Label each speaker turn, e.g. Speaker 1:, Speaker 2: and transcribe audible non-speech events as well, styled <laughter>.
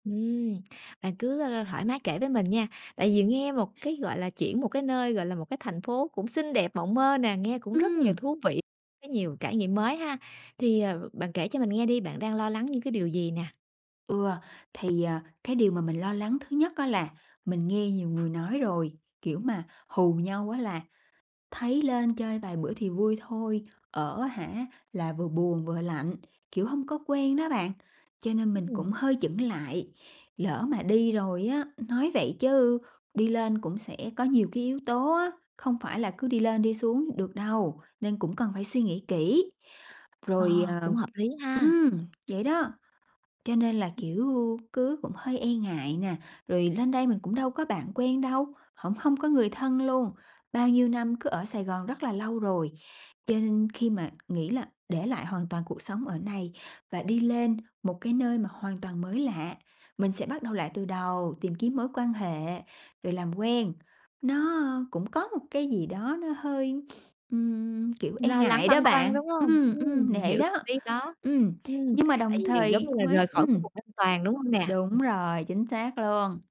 Speaker 1: Ừm, bạn cứ, ơ, thoải mái kể với mình nha, tại vì nghe một cái, gọi là, chuyển một cái nơi, gọi là, một cái thành phố cũng xinh đẹp mộng mơ nè, nghe cũng rất nhiều
Speaker 2: Ừm.
Speaker 1: thú vị, có nhiều trải nghiệm mới ha. Thì, ờ, bạn kể cho mình nghe đi, bạn đang lo lắng những cái điều gì nè?
Speaker 2: Ừ, thì, à, cái điều mà mình lo lắng thứ nhất á là mình nghe nhiều người nói rồi, kiểu, mà hù nhau á là thấy lên chơi vài bữa thì vui thôi, ở á hả, là vừa buồn vừa lạnh, kiểu, hông có quen đó bạn. Cho nên mình cũng
Speaker 1: Ừm.
Speaker 2: hơi chững lại, lỡ mà đi rồi á nói vậy chứ đi lên cũng sẽ có nhiều cái yếu tố á, không phải là cứ đi lên đi xuống được đâu, nên cũng cần phải suy nghĩ kỹ.
Speaker 1: Ờ,
Speaker 2: Rồi, ờ
Speaker 1: cũng hợp lý ha.
Speaker 2: ừm. Vậy đó, cho nên là,
Speaker 1: Ừm.
Speaker 2: kiểu, cứ cũng hơi e ngại nè. Rồi lên đây mình cũng đâu có bạn quen đâu, hổng hông có người thân luôn. Bao nhiêu năm cứ ở Sài Gòn rất là lâu rồi, cho nên khi mà nghĩ là để lại hoàn toàn cuộc sống ở này và đi lên một cái nơi mà hoàn toàn mới lạ, mình sẽ bắt đầu lại từ đầu, tìm kiếm mối quan hệ, rồi làm quen, nó cũng có một cái gì đó nó hơi, <sniffs> ừm, kiểu, e
Speaker 1: Lo lắng,
Speaker 2: ngại đó
Speaker 1: băn khoăn,
Speaker 2: bạn.
Speaker 1: đúng hông?
Speaker 2: Ừm,
Speaker 1: Ừm,
Speaker 2: ừm,
Speaker 1: mình
Speaker 2: nể
Speaker 1: hiểu
Speaker 2: đó,
Speaker 1: tâm lý đó.
Speaker 2: ừm,
Speaker 1: Ừm,
Speaker 2: nhưng mà
Speaker 1: tại
Speaker 2: đồng
Speaker 1: vì giống
Speaker 2: thời
Speaker 1: như là
Speaker 2: cũng ấy
Speaker 1: rời khỏi cái
Speaker 2: ừm.
Speaker 1: vùng an toàn, đúng hông nè?
Speaker 2: Đúng
Speaker 1: Ừm.
Speaker 2: rồi, chính xác luôn.